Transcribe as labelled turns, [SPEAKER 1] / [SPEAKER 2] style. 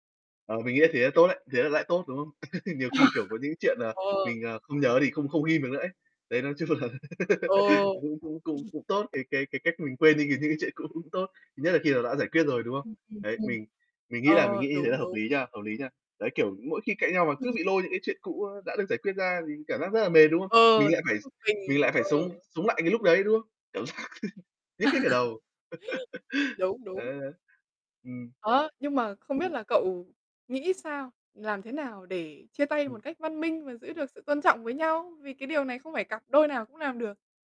[SPEAKER 1] Ờ, mình nghĩ thế là tốt đấy. Thế là lại tốt, đúng không? Nhiều khi, kiểu, có những chuyện, à,
[SPEAKER 2] Ờ.
[SPEAKER 1] mình, à, không nhớ thì không không ghim được nữa ấy. Đấy, nói chung là
[SPEAKER 2] Ờ.
[SPEAKER 1] cũng cũng cũng cũng tốt, cái cái cái cách mình quên đi được những cái chuyện cũ cũng tốt, nhất là khi nó đã giải quyết rồi, đúng không?
[SPEAKER 2] Ừm, ừm, ừm.
[SPEAKER 1] Đấy, mình mình nghĩ là mình nghĩ
[SPEAKER 2] Ờ,
[SPEAKER 1] như thế là
[SPEAKER 2] đúng,
[SPEAKER 1] hợp
[SPEAKER 2] đúng.
[SPEAKER 1] lý nha, hợp lý nha. Đấy, kiểu, mỗi khi cãi nhau mà cứ bị
[SPEAKER 2] [unintelligible]
[SPEAKER 1] lôi những cái chuyện cũ đã được giải quyết ra thì cảm giác rất là mệt, đúng không?
[SPEAKER 2] Ờ,
[SPEAKER 1] Mình
[SPEAKER 2] [unintelligible]
[SPEAKER 1] lại phải s
[SPEAKER 2] bực
[SPEAKER 1] mình
[SPEAKER 2] mình.
[SPEAKER 1] lại
[SPEAKER 2] Ờ.
[SPEAKER 1] phải sống sống lại cái lúc đấy, đúng không? Cảm giác nhức hết cả đầu.
[SPEAKER 2] Đúng,
[SPEAKER 1] Ờ,
[SPEAKER 2] đúng.
[SPEAKER 1] ừm.
[SPEAKER 2] Đó, nhưng mà không biết là cậu nghĩ sao? Làm thế nào để chia tay một
[SPEAKER 1] Ừm.
[SPEAKER 2] cách văn minh và giữ được sự tôn trọng với nhau? Vì cái điều này không phải cặp đôi nào cũng làm được.